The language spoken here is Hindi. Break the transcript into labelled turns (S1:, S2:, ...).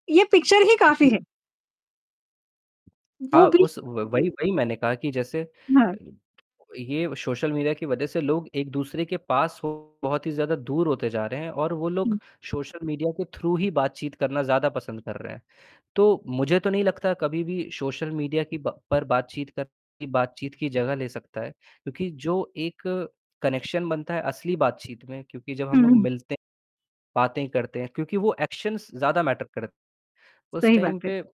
S1: ये पिक्चर ही काफ़ी
S2: जी।
S1: है। वो
S2: हाँ,
S1: भी
S2: उस व वही वही मैंने कहा कि जैसे
S1: म्
S2: अ, ये सोशल मीडिया की वजह से लोग एक दूसरे के पास हो बहुत ही ज़्यादा दूर होते जा रहे हैं और वो लोग
S1: हुँ।
S2: सोशल मीडिया के थ्रू ही बातचीत करना ज़्यादा पसंद कर रहे हैं। तो मुझे तो नहीं लगता कभी भी सोशल मीडिया की ब पर बातचीत कर बातचीत की जगह ले सकता है क्योंकि जो एक कनेक्शन बनता है असली बातचीत में क्योंकि जब
S1: हुँ,
S2: हम लोग
S1: हुँ।
S2: मिलते बातें करते हैं क्योंकि वो एक्शन्स ज़्यादा मैटर करत उस
S1: सही
S2: टाइम
S1: बात है।
S2: पे